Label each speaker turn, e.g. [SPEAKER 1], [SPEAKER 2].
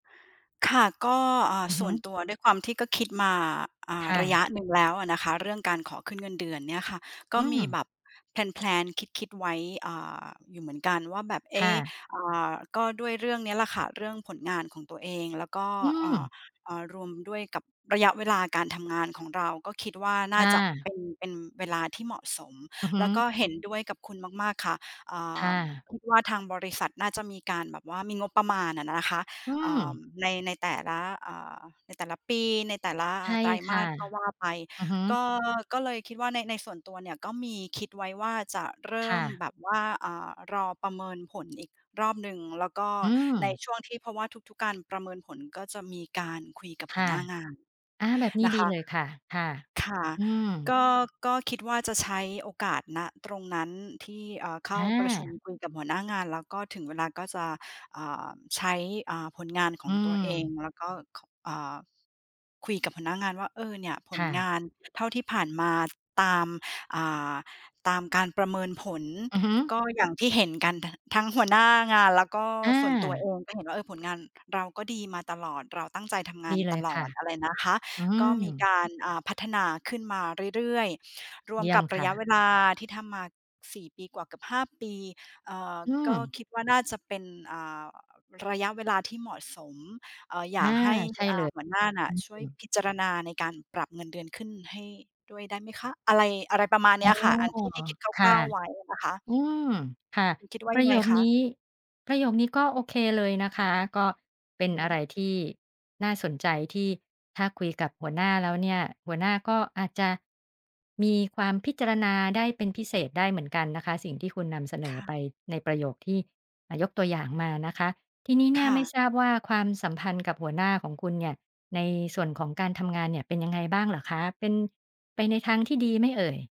[SPEAKER 1] ค่ะ ก็ อ่า
[SPEAKER 2] อือ
[SPEAKER 1] ส
[SPEAKER 2] ฮึ
[SPEAKER 1] ่วนตัวด้วยความที่ก็คิดมา อ่
[SPEAKER 2] ค
[SPEAKER 1] า
[SPEAKER 2] ่
[SPEAKER 1] ระ
[SPEAKER 2] ะ
[SPEAKER 1] ยะหนึ่งแล้วอะนะคะ เรื่องการขอขึ้นเงินเดือนเนี่ยค่ะ ก
[SPEAKER 2] อื
[SPEAKER 1] ็มี
[SPEAKER 2] ม
[SPEAKER 1] แบบ แพลน ๆ คิด ๆ ไว้ เอ่อ อยู่เหมือนกันว่าแบบ เอ
[SPEAKER 2] ค่
[SPEAKER 1] ๊ะ
[SPEAKER 2] ะ
[SPEAKER 1] อ่า ก็ด้วยเรื่องเนี้ยแหละค่ะ เรื่องผลงานของตัวเอง แล้วก็
[SPEAKER 2] อื
[SPEAKER 1] อ่า
[SPEAKER 2] ม
[SPEAKER 1] อ่า รวมด้วยกับระยะเวลาการทำงานของเรา ก็คิดว่า
[SPEAKER 2] ค
[SPEAKER 1] น่า
[SPEAKER 2] ่
[SPEAKER 1] จะ
[SPEAKER 2] ะ
[SPEAKER 1] เป็น เป็นเวลาที่เหมาะสม
[SPEAKER 2] อือฮึ
[SPEAKER 1] แล้วก็เห็นด้วยกับคุณมาก ๆ ค่ะ อ่
[SPEAKER 2] ค่
[SPEAKER 1] า
[SPEAKER 2] ะ
[SPEAKER 1] คิดว่าทางบริษัทน่าจะมีการแบบว่า มีงบประมาณน่ะนะคะ
[SPEAKER 2] อื
[SPEAKER 1] เอ่อ
[SPEAKER 2] ม
[SPEAKER 1] ใน ในแต่ละ อ่า ในแต่ละปี ในแต่ละ
[SPEAKER 2] ใช่
[SPEAKER 1] ไตร
[SPEAKER 2] ค
[SPEAKER 1] ม
[SPEAKER 2] ่
[SPEAKER 1] า
[SPEAKER 2] ะ
[SPEAKER 1] สก็ว่าไป
[SPEAKER 2] อือฮึ
[SPEAKER 1] ก็ ก็เลยคิดว่าใน ในส่วนตัวเนี่ยก็มีคิดไว้ว่าจะเริ
[SPEAKER 2] ค
[SPEAKER 1] ่
[SPEAKER 2] ่
[SPEAKER 1] ม
[SPEAKER 2] ะ
[SPEAKER 1] แบบว่า อ่า รอประเมินผล อีกรอบหนึ่ง แล้วก็
[SPEAKER 2] อื
[SPEAKER 1] ใน
[SPEAKER 2] ม
[SPEAKER 1] ช่วงที่ เพราะว่าทุก ๆ การประเมินผลก็จะมีการคุยกับ
[SPEAKER 2] ค
[SPEAKER 1] หั
[SPEAKER 2] ่
[SPEAKER 1] ว
[SPEAKER 2] ะ
[SPEAKER 1] หน้างาน
[SPEAKER 2] อา แบบนี้
[SPEAKER 1] นะ
[SPEAKER 2] ดี
[SPEAKER 1] ค
[SPEAKER 2] เ
[SPEAKER 1] ะ
[SPEAKER 2] ลยค่ะ ค่ะ
[SPEAKER 1] ค่ะ
[SPEAKER 2] อื
[SPEAKER 1] ก
[SPEAKER 2] ม
[SPEAKER 1] ็ ก็คิดว่าจะใช้โอกาส ณ ตรงนั้นที่ เอ่อ เข้
[SPEAKER 2] อ
[SPEAKER 1] าประชุม
[SPEAKER 2] า
[SPEAKER 1] คุยกับหัวหน้างาน แล้วก็ถึงเวลาก็จะ เอ่อ ใช้ เอ่อ ผลงานข
[SPEAKER 2] อื
[SPEAKER 1] อ
[SPEAKER 2] อ
[SPEAKER 1] งตัวเอง แล้วก็ เอ่อ คุยกับหัวหน้างานว่า "เออ เนี่ยผ
[SPEAKER 2] ค
[SPEAKER 1] ล
[SPEAKER 2] ่
[SPEAKER 1] ง
[SPEAKER 2] ะ
[SPEAKER 1] านเท่าที่ผ่านมาตาม อ่า ตามการประเมินผล
[SPEAKER 2] อือฮึ
[SPEAKER 1] ก็อย่างที่เห็นกัน ท ทั้งหัวหน้างาน แล้วก็
[SPEAKER 2] อ
[SPEAKER 1] ส่วนตัว
[SPEAKER 2] า
[SPEAKER 1] เองก็เห็นว่า เออ ผลงานเราก็ดีมาตลอด เราตั้งใจทำง
[SPEAKER 2] ด
[SPEAKER 1] าน
[SPEAKER 2] ีเล
[SPEAKER 1] ต
[SPEAKER 2] ย
[SPEAKER 1] ล
[SPEAKER 2] ค
[SPEAKER 1] อ
[SPEAKER 2] ่ะ
[SPEAKER 1] ดอะไรนะคะ
[SPEAKER 2] อื
[SPEAKER 1] ก็ มี
[SPEAKER 2] ม
[SPEAKER 1] การ อ่า พัฒนาขึ้นมาเรื่อย ๆ รว
[SPEAKER 2] เย
[SPEAKER 1] ม
[SPEAKER 2] ี่ย
[SPEAKER 1] ก
[SPEAKER 2] ม
[SPEAKER 1] ับ
[SPEAKER 2] ค
[SPEAKER 1] ระ
[SPEAKER 2] ่
[SPEAKER 1] ยะเ
[SPEAKER 2] ะ
[SPEAKER 1] วลาที่ทำมา 4 ปีกว่าเกือบ 5 ปี เอ่อ
[SPEAKER 2] อื
[SPEAKER 1] ก็
[SPEAKER 2] ม
[SPEAKER 1] คิดว่า น่าจะเป็น อ่า ระยะเวลาที่เหมาะสม เอ่อ อย
[SPEAKER 2] อา
[SPEAKER 1] ากให้
[SPEAKER 2] ใช่
[SPEAKER 1] อ
[SPEAKER 2] เ
[SPEAKER 1] ่
[SPEAKER 2] ล
[SPEAKER 1] า
[SPEAKER 2] ย
[SPEAKER 1] หัวหน้าน่
[SPEAKER 2] อ
[SPEAKER 1] ะ
[SPEAKER 2] ื
[SPEAKER 1] ช่วย
[SPEAKER 2] อ
[SPEAKER 1] พิจารณาในการปรับเงินเดือนขึ้นให้ด้วยได้ไหมคะ?" อะไร อะไรประมาณ
[SPEAKER 2] อ
[SPEAKER 1] เน
[SPEAKER 2] ๋
[SPEAKER 1] ี
[SPEAKER 2] อ
[SPEAKER 1] ้ยค่ะ อันที่ ที่คิด
[SPEAKER 2] ค
[SPEAKER 1] ค
[SPEAKER 2] ่
[SPEAKER 1] ร
[SPEAKER 2] ะ
[SPEAKER 1] ่าว ๆ ไว้นะคะ
[SPEAKER 2] อืม
[SPEAKER 1] อืม
[SPEAKER 2] ค่ะ
[SPEAKER 1] คิดว่า
[SPEAKER 2] ป
[SPEAKER 1] ย
[SPEAKER 2] ระ
[SPEAKER 1] ัง
[SPEAKER 2] โย
[SPEAKER 1] ไง
[SPEAKER 2] ค
[SPEAKER 1] ค
[SPEAKER 2] นี
[SPEAKER 1] ะ?
[SPEAKER 2] ้ ประโยคนี้ก็โอเคเลยนะคะ ก็เป็น
[SPEAKER 1] ฮ
[SPEAKER 2] อะ
[SPEAKER 1] ึ
[SPEAKER 2] ไรที่น่าสนใจที่ ถ้าคุยกับหัวหน้าแล้วเนี่ย หัวหน้าก็อาจจะมีความพิจารณาได้เป็นพิเศษได้เหมือนกันนะคะ สิ่งที่คุณนำเสน
[SPEAKER 1] ค
[SPEAKER 2] อ
[SPEAKER 1] ่
[SPEAKER 2] ไป
[SPEAKER 1] ะ
[SPEAKER 2] ในประโยคที่ อ่า ยกตัวอย่างมานะคะ ทีนี้เน
[SPEAKER 1] ค
[SPEAKER 2] ี่ย
[SPEAKER 1] ่
[SPEAKER 2] ไม่
[SPEAKER 1] ะ
[SPEAKER 2] ทราบว่าความสัมพันธ์กับหัวหน้าของคุณเนี่ย ในส่วนของการทำงานเนี่ยเป็นยังไงบ้างเหรอคะ เป็นไปในทางที่ดีไหมเอ่ย?